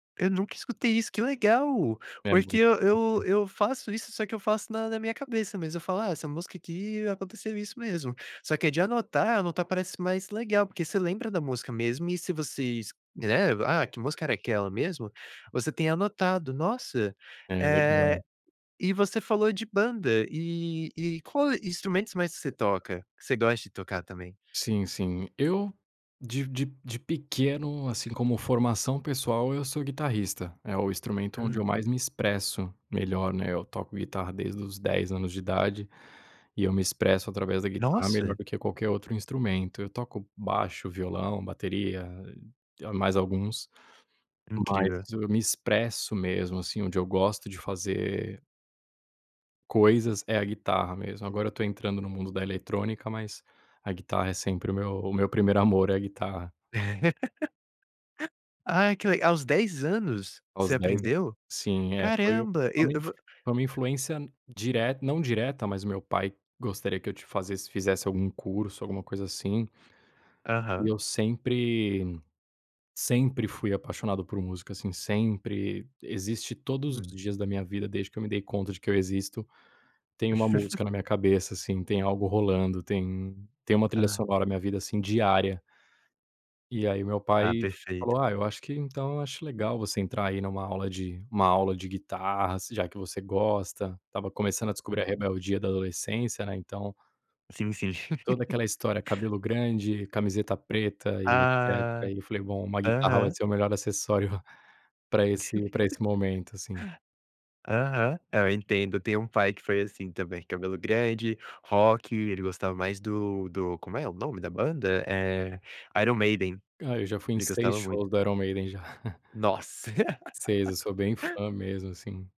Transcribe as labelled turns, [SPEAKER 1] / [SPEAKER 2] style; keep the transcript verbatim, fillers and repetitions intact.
[SPEAKER 1] Eu nunca escutei isso, que legal!
[SPEAKER 2] É
[SPEAKER 1] Porque
[SPEAKER 2] muito
[SPEAKER 1] eu eu
[SPEAKER 2] diferente.
[SPEAKER 1] eu faço isso, só que eu faço na na minha cabeça mesmo, eu falo: "Ah, essa música aqui, aconteceu isso mesmo", só que é de anotar anotar parece mais legal, porque você lembra da música mesmo e se vocês, né: "Ah, que música era aquela mesmo?". Você tem anotado, nossa,
[SPEAKER 2] É, legal.
[SPEAKER 1] eh, e você falou de banda e e qual instrumentos mais que você toca, que você gosta de tocar também?
[SPEAKER 2] Sim, sim eu de de de pequeno, assim, como formação pessoal, eu sou guitarrista, é o instrumento onde eu
[SPEAKER 1] Aham.
[SPEAKER 2] mais me expresso melhor, né, eu toco guitarra desde os dez anos de idade e eu me expresso através da guitarra melhor
[SPEAKER 1] Nossa!
[SPEAKER 2] do que qualquer outro instrumento. Eu toco baixo, violão, bateria e mais alguns, mas
[SPEAKER 1] Incrível.
[SPEAKER 2] eu me expresso mesmo, assim, onde eu gosto de fazer coisas é a guitarra mesmo, agora eu tô entrando no mundo da eletrônica, mas a guitarra é sempre o meu o meu primeiro amor é a guitarra.
[SPEAKER 1] Ai, que leg aos dez anos você
[SPEAKER 2] Aos dez an
[SPEAKER 1] aprendeu?
[SPEAKER 2] Sim. É, foi
[SPEAKER 1] Caramba!
[SPEAKER 2] foi
[SPEAKER 1] E
[SPEAKER 2] uma influ
[SPEAKER 1] vo
[SPEAKER 2] foi uma influência direta não direta, mas o meu pai gostaria que eu t fazesse fizesse algum curso, alguma coisa assim e
[SPEAKER 1] Aham.
[SPEAKER 2] eu sempre sempre fui apaixonado por música, assim, sempre, existe todos os
[SPEAKER 1] Hum.
[SPEAKER 2] dias da minha vida, desde que eu me dei conta de que eu existo, tem uma música na minha cabeça, assim, tem algo rolando, tem tem uma trilha
[SPEAKER 1] Ah.
[SPEAKER 2] sonora na vida, assim, diária. E aí, o meu
[SPEAKER 1] Ah,
[SPEAKER 2] pai
[SPEAKER 1] perfeito.
[SPEAKER 2] falou: "Ah, eu acho que então, eu acho legal você entrar, aí, numa aula de uma aula de guitarra, se já que você gosta". Estava começando a descobrir a
[SPEAKER 1] Uhum.
[SPEAKER 2] rebeldia da adolescência, né, então
[SPEAKER 1] Sim, sim.
[SPEAKER 2] toda aquela história: cabelo grande, camiseta preta e
[SPEAKER 1] Ah.
[SPEAKER 2] etcétera. E eu falei: "Bom, uma guitarra vai
[SPEAKER 1] Aham.
[SPEAKER 2] ser o melhor acessório pra esse pra esse momento", sim.
[SPEAKER 1] Aham. É, eu entendo, tenho um pai que foi assim também, cabelo grande, rock, ele gostava mais do do como é o nome da banda? Eh, Iron Maiden,
[SPEAKER 2] Ah, eu já fui em
[SPEAKER 1] ele
[SPEAKER 2] seis
[SPEAKER 1] gostava muito.
[SPEAKER 2] shows do Iron Maiden já.
[SPEAKER 1] Nossa.
[SPEAKER 2] seis, eu sou bem fã mesmo, assim.